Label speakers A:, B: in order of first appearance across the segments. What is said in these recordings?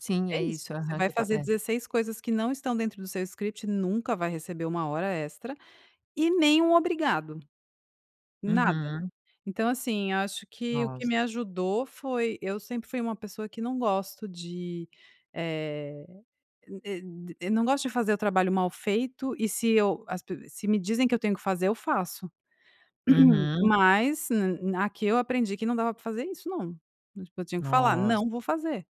A: Sim, é
B: É isso,
A: isso.
B: você
A: Aham,
B: vai
A: que eu tá
B: fazer
A: é.
B: 16 coisas que não estão dentro do seu script, nunca vai receber 1 hora extra e nem um obrigado, nada.
A: Uhum.
B: Então assim, acho que o que
A: Noss
B: me ajudou foi eu sempre fui uma pessoa que não gosta de, eh, e de não gosto de fazer o trabalho mal feito e se eu, as pe se me dizem que eu tenho que fazer, eu faço.
A: Uhum.
B: Mas na aqui eu aprendi que não dava para fazer isso não, tipo eu tinha que falar:
A: Noss
B: “Não vou fazer”.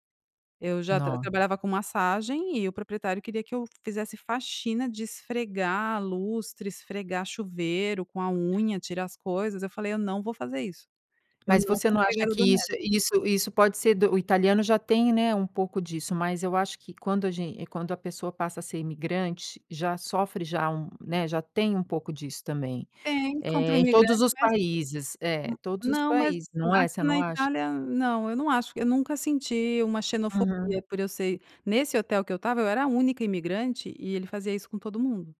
B: Eu já tra
A: No
B: trabalhava com massagem e o proprietário queria que eu fizesse faxina, de esfregar lustre, esfregar chuveiro com a unha, tirar as coisas. Eu falei: “Eu não vou fazer isso, eu não
A: Mas
B: sou
A: você não acha
B: empregada
A: que
B: doméstica”.
A: isso isso isso pode ser do o italiano já tem, né, um pouco disso, mas eu acho que quando a gen quando a pessoa passa a ser imigrante, já sofre já um né, já tem um pouco disso também,
B: Tem, contra o
A: eh, em todos
B: imigrante
A: os
B: mas
A: países, é, todos os
B: não, mas
A: países, não é?
B: aqui
A: Você
B: na
A: não acha?
B: Itália não, eu não acho que eu nunca senti uma
A: Uhum.
B: xenofobia por eu ser nesse hotel que eu estava, eu era a única imigrante e ele fazia isso com todo mundo,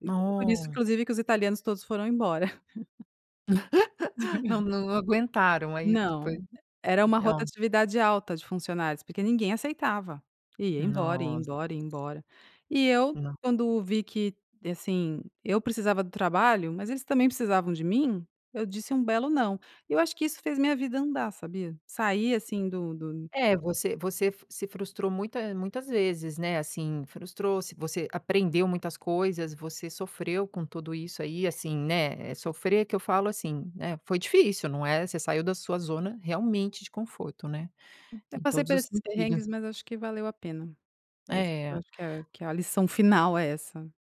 B: e por isso
A: No
B: inclusive que os italianos todos foram embora.
A: Não, não aguentaram, aí foi
B: Não, era uma
A: ó.
B: rotatividade alta de funcionários, porque ninguém aceitava e ia embora, ia
A: Nossa.
B: embora, embora. E eu,
A: No.
B: quando vi que assim eu precisava do trabalho, mas eles também precisavam de mim, eu disse um belo "não!". Eu acho que isso fez minha vida andar, sabia? Sair assim do do
A: É você você se frustrou muita muitas vezes, né, assim, frustrou, você aprendeu muitas coisas, você sofreu com tudo isso aí, assim, né, sofrer que eu falo assim, né, foi difícil, não é, você saiu da sua zona realmente de conforto, né,
B: Até
A: em
B: passei
A: todos
B: por
A: os
B: esses
A: sentidos.
B: perrengues mas acho que valeu a pena, mas eu
A: É.
B: acho que a que a lição final é essa.